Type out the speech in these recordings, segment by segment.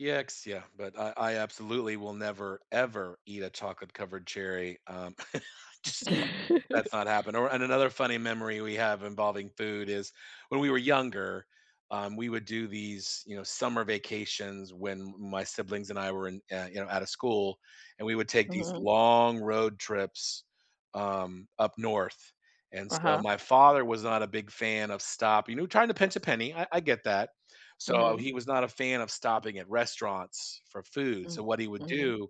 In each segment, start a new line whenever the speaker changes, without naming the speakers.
Yikes, yeah, but I I absolutely will never, ever, eat a chocolate covered cherry, um Just that's not happen or and another funny memory we have involving food is, when we were younger, um, we would do these, you know, summer vacations when m my siblings and I were in, yeah, you know, outta school, and we would take these
Mhm.
long road trips, um, up north, and so,
Uh-huh.
my father was not a big fan of stopping, no trying to pinch a penny, I I get that. So,
Mhm.
he was not a fan of stopping at restaurants for food,
Mm
so what he would
Mhm.
do,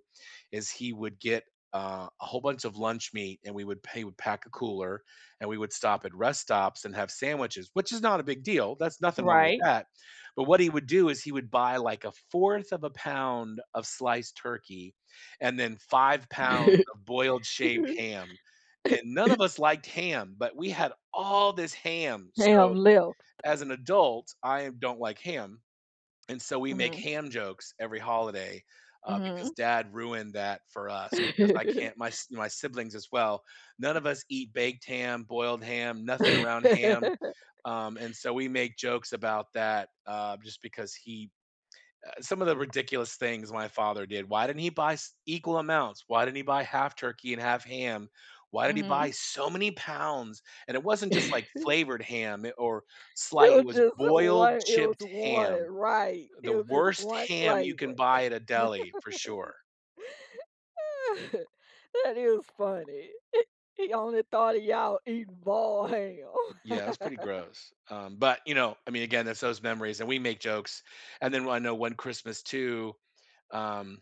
is he would get, uh, a whole bunch of lunch meat, and we would pay we would pack a cooler, and we would stop at rest stops and have sandwiches which is not a big deal, that's nothing wrong with
Right.
that, but what he would do is, he would buy, like, 1/4 of a pound of sliced turkey, and then 5 pounds of boiled shaved ham, and none of us liked ham, but we had all this ham, so,
Ham left.
as an adult, I don't like ham, and so, we make
Mhm.
ham jokes every holiday, uh, because
Mhm.
dad ruined that for us, because I can't my s my siblings as well, none of us eat baked ham, boiled ham, nothing around ham, um, and so we make jokes about that, uh, just because he uh, some of the ridiculous things my father did. "Why didn't he buy s equal amounts? Why didn't he buy half turkey and half ham? Why did he buy
Mhm.
so many pounds?" And it wasn't just, like, flavored ham, i or, sli
It
it
was
was
just
boiled,
one it was
chipped
one
ham.
right.
The
It was just
worst
one
ham you can
flavor.
buy at a deli, for sure.
That is funny. He he only thought of y'all eating boiled ham.
Yeah, it was pretty gross, um, but, you know, I mean, again, it's those memories, and we make jokes, and then one I know one Christmas, too, um,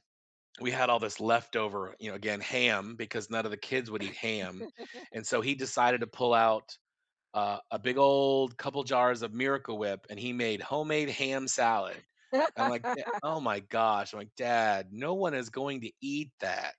we had all this leftover, you know, again, ham, because none of the kids would eat ham; and so, he decided to pull out a a big old couple jars of Miracle Whip, and he made homemade ham salad. I'm like, "Da oh my gosh." I'm like, "Dad, no one is going to eat that.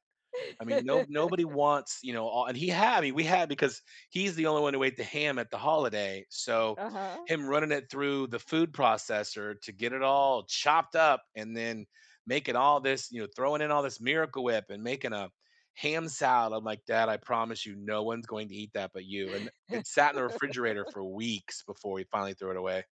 I mean, no nobody wants," you know, o and he had I mean, we had, because he's the only one who ate the ham at the holiday, so
Uh-huh.
him running it through the food processor to get it all chopped up, and then making all this you know, throwing in all this Miracle Whip, and making a ham salad. I'm like, "Dad, I promise you, no one's going to eat that but you," and th it sat in the refrigerator for weeks before he finally threw it away.